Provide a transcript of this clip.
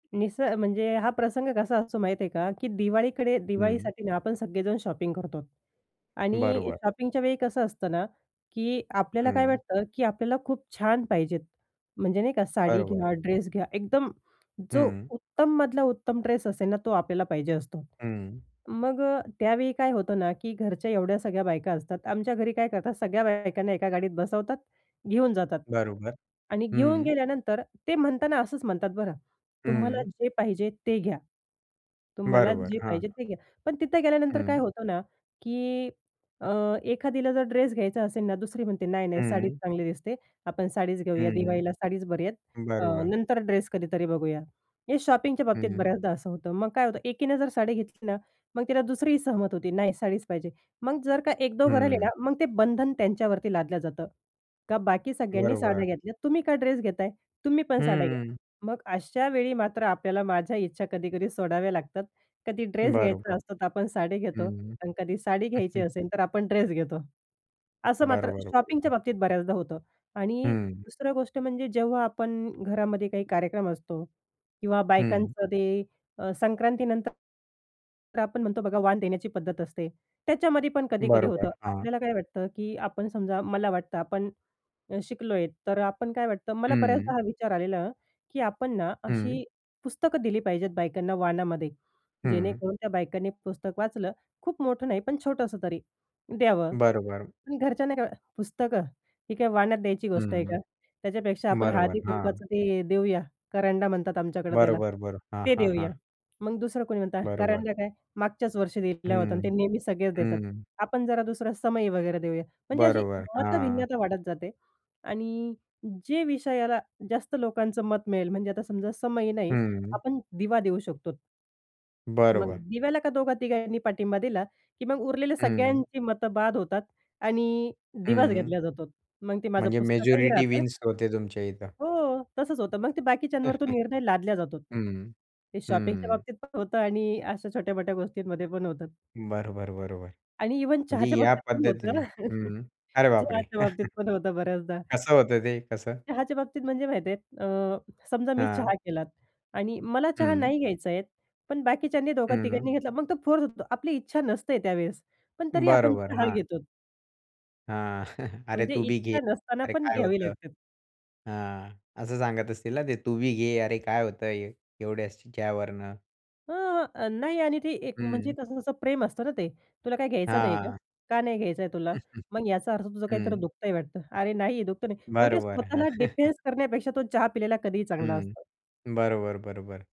निस म्हणजे हा प्रसंग कसा असतो माहीत आहे का की दिवाळीकडे हं. दिवाळीसाठी ना आपण सगळेजण शॉपिंग करतो. आणि बरोबर. शॉपिंगच्या वेळी कसं असतं ना, की आपल्याला काय हं. वाटतं की आपल्याला खूप छान पाहिजेत. म्हणजे नाही का साडी घ्या, बरोबर. ड्रेस घ्या एकदम जो हं. उत्तम मधला उत्तम ड्रेस असेल ना तो आपल्याला पाहिजे असतो. हं. मग अ, त्यावेळी काय होतं ना, की घरच्या एवढ्या सगळ्या बायका असतात आमच्या घरी काय करतात सगळ्या बायकांना एका गाडीत बसवतात, घेऊन जातात बरोबर, आणि घेऊन हं. गेल्यानंतर ते म्हणताना असंच म्हणतात बरं. "तुम्हाला हं. जे पाहिजे ते घ्या. तुम्हाला बरोबर जे हां. पाहिजे ते घ्या." पण तिथं गेल्यानंतर काय हं. होतं ना, की अ, एखादीला, जर ड्रेस घ्यायचा असेल ना दुसरी म्हणते नाही, नाही, साडीच हं. चांगली दिसते, आपण साडीच घेऊया हं. दिवाळीला साडीच बरी आहेत. अ, बरोबर. नंतर ड्रेस कधीतरी बघूया. हे शॉपिंगच्या बाबतीत हं. बऱ्याचदा असं होतं मग काय होतं एकीने जर साडी घेतली ना मग तिला दुसरीही सहमत होते नाही साडीच पाहिजे. मग जर का 1 दोघं राहिले ना हं. मग ते बंधन त्यांच्यावरती लादलं जातं. का बाकी सगळ्यांनी बरोबर. साड्या घेतल्या तुम्ही का ड्रेस घेताय? तुम्ही पण साड्या घ्या. हं. मग अशा वेळी मात्र आपल्याला माझ्या इच्छा कधी-कधी सोडाव्या लागतात. कधी ड्रेस बरोबर. घ्यायचा असतो तर आपण साडी घेतो हं. आणि कधी साडी घ्यायची असेल तर आपण ड्रेस घेतो. असं मात्र बरोबर, शॉपिंगच्या बरोबर. बाबतीत बऱ्याचदा होतं. आणि हं. दुसरं गोष्ट म्हणजे जेव्हा आपण घरामध्ये काही कार्यक्रम असतो. किंवा हं. बायकांचं ते अ, संक्रांतीनंतर. तर आपण म्हणतो बघा वाण देण्याची पद्धत असते. त्याच्यामध्ये पण कधी-कधी बरोबर. होतं हां. आपल्याला काय वाटतं की आपण समजा मला वाटतं आपण, शिकलो आहे तर आपण काय वाटतं मला हं. बऱ्याचदा हा विचार आलेला की आपण ना हं. अशी पुस्तकं दिली पाहिजेत बायकांना वाणामध्ये. हं. जेणेकरून त्या बायकांनी पुस्तक वाचलं खूप मोठं नाही पण छोटंसं तरी द्यावं. बरोबर. पण घरच्यांना काय "पुस्तकं, ही काय वाण्यात द्यायची गोष्ट आहे हं. का? त्याच्यापेक्षा आपण बरोबर, हळदी हां. कुंकाच ते देऊया" करंडा म्हणतात आमच्याकडे त्याला. बरोबर. बरं. हां, ते हां, देऊया. हां. मग दुसरं कोणी म्हणतं बरोबर. करंडा काय मागच्याच वर्षी दिला होता आणि हं, ते नेहमी सगळेच देतात. हं. आपण जरा दुसरा समई वगैरे देऊया. म्हणजे अशी बरोबर, हां. मतभिन्नता वाढत जाते आणि जे विषयाला जास्त लोकांचं मत मिळेल म्हणजे आता समजा समई नाही हं. आपण दिवा देऊ शकतो. मग बरोबर. दिव्याला का दोघा तिघांनी पाठिंबा दिला की मग उरलेले हं. सगळ्यांची मतं बाद होतात. आणि दिवाच हं. घेतल्या जातो. मग ते माझं म्हणजे पुस्तकही मेजॉरिटी राहतं विन्स होते तुमच्या इथं. हो. तसंच होतं. मग ते बाकीच्यांवर तो निर्णय लादल्या जातो. हं. ते शॉपिंगच्या हं. बाबतीत पण होतं आणि अशा छोट्यामोठ्या गोष्टींमध्ये पण होतात. बरोबर, बरोबर. आणि इव्हन म्हणजे चहाच्या या बाबतीत पण होतं पद्धतीने ना. हं. अरे बापरे! चहाच्या बाबतीत पण होतं बऱ्याचदा. कसं होतं ते कसं? चहाच्या बाबतीत म्हणजे माहिती आहे अ, समजा मी हां. चहा केलात. आणि मला चहा हं. नाही घ्यायचा आहे. पण बाकीच्यांनी दोघा हं. तिघांनी घेतला मग तो फोर्स होतो आपली इच्छा नसते त्यावेळेस. पण तरी आपण बरोबर, चहा हां. घेतो. हां. "अरे, म्हणजे तू बी घे. इच्छा नसताना अरे, पण काय घ्यावी होतं?" लागतात. हां. असं सांगत असतील ना ते? "तू बी घे अरे, काय होतंय एवढ्याशा वरनं?" हां, अ, नाही आणि ते एक म्हणजे हं. कसं तसं प्रेम असतं ना ते. "तुला काही घ्यायचं नाही का? हां. का नाही घ्यायचं आहे तुला? मग याचा अर्थ तुझं काहीतरी हं. दुखतय वाटतं." अरे, नाही दुखत नाही. मग ते बरोबर. हं. स्वतःला डिफेन्स करण्यापेक्षा तो चहा पिलेला कधीही चांगला हं. असतो. बरोबर, बरोबर.